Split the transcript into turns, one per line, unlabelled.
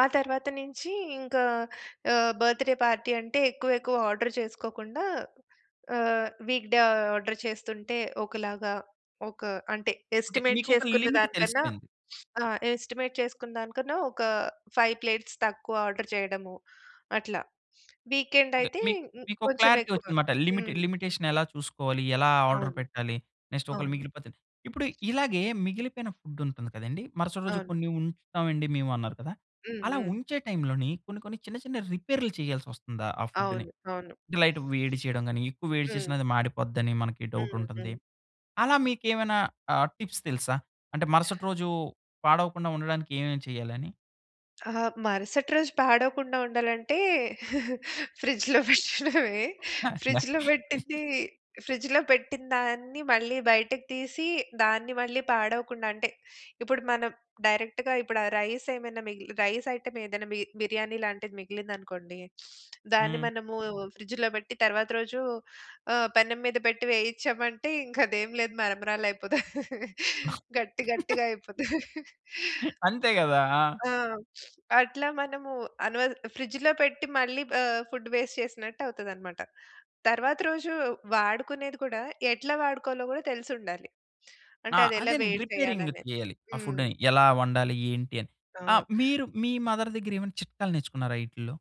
ఆ తర్వాత నుంచి ఇంకా ఆహ్, బర్త్ డే పార్టీ అంటే, ఎక్కువెక్కువ ఆర్డర్ చేసుకోకుండా, ఆహ్, వీక్‌ డే ఆర్డర్ చేస్తుంటే ఒకలాగా ఒక అంటే,
ఓకే.
ఎస్టిమేట్
మీకు ఒక
చేసుకున్న
లిమిట్
దానికన్నా
తెలిసిపోయింది.
ఆహ్, ఎస్టిమేట్ చేసుకున్నదానికన్నా, ఒక 5 ప్లేట్స్ తక్కువ ఆర్డర్ జేయడము, అట్లా
ఓకే.
వీకెండయితే ఇ
మీక్ మీకొక
కొంచెం
క్లారిటీ
ఎక్కువ.
ఒచ్చిందన్నమాట. లిమిట్,
హ్మ్.
లిమిటేషన్ ఎలా చూసుకోవాలి? ఎలా ఆర్డర్
అవును.
పెట్టాలి? నెక్స్ట్ ఒకళ
అవును.
మిగిలిపోతే. ఇప్పుడు ఇలాగే మిగిలిపోయిన ఫుడ్ ఉంటుంది కదండీ! మరుసటి రోజు
అవును.
కొన్ని ఉంచుతామండి మేము అన్నారు కదా!
హ్మ్.
అలా
హ్మ్.
ఉంచే టైంలోని కొన్ని కొన్ని చిన్న చిన్న రిపేరులు చేయాల్సి ఒస్తుందా ఆ ఫుడ్‌ని?
అవును. అవును.
అంటే, లైట్‌గా వేడి చేయడం గాని, ఎక్కువ వేడి చేసిన
హ్మ్.
అది మాడిపోద్దని మనకి డౌటు
హ్మ్.
ఉంటుంది.
హ్మ్.
అలా మీకేమైనా ఆ టిప్స్ తెలుసా? అంటే మరుసటి రోజు పాడవకుండా ఉండడానికి ఏమేమి చేయాలని?
ఆహ్, మరుసటి రోజు పాడవకుండా ఉండాలంటే ఫ్రిడ్జ్‌లో పెట్టడమే.
అండ
ఫ్రిడ్జ్‌లో బెట్టింది, ఫ్రిడ్జ్‌లో పెట్టిన దాన్ని మళ్ళీ బయటకి తీసి, దాన్ని మళ్ళీ పాడవకుండా అంటే ఇప్పుడు మనం డైరెక్ట్‌గా ఇప్పుడు ఆ రైసేమైనా మిగిలి రైస్ ఐటెమేదైనా మి బిర్యానీ లాంటిది మిగిలిందనుకోండి! దాన్ని
హ్మ్.
మనము ఫ్రిడ్జ్‌లో బెట్టి తర్వాత రోజు ఆహ్, పెనం మీద పెట్టి వేయించామంటే ఇంక అదేం లేదు, మరమరాలైపోతాయి. గట్టి గట్టిగా అయిపోతది.
అంతే గదా! ఆ!
ఆ! అట్లా మనము అనవ ఫ్రిడ్జ్‌లో పెట్టి, మళ్ళీ ఆహ్, ఫుడ్ వేస్ట్ చేసినట్టు అవుతదన్నమాట. తరువాత రోజు వాడుకునేది కూడా, ఎట్లా వాడుకోవాలో గూడా తెలిసుండాలి. అంటే
ఆ!
అది ఎలా
అదేనండి.
వేడి
రిపేరింగ్‌
చేయాలనేది.
చేయాలి, ఆ
హ్మ్.
ఫుడ్‌ని. ఎలా వండాలి? ఏంటని?
ఆ!
ఆహ్, మీరు మీ మదర్ దగ్గరేమైనా చిట్కాలు నేర్చుకున్నారా ఈటిల్లో?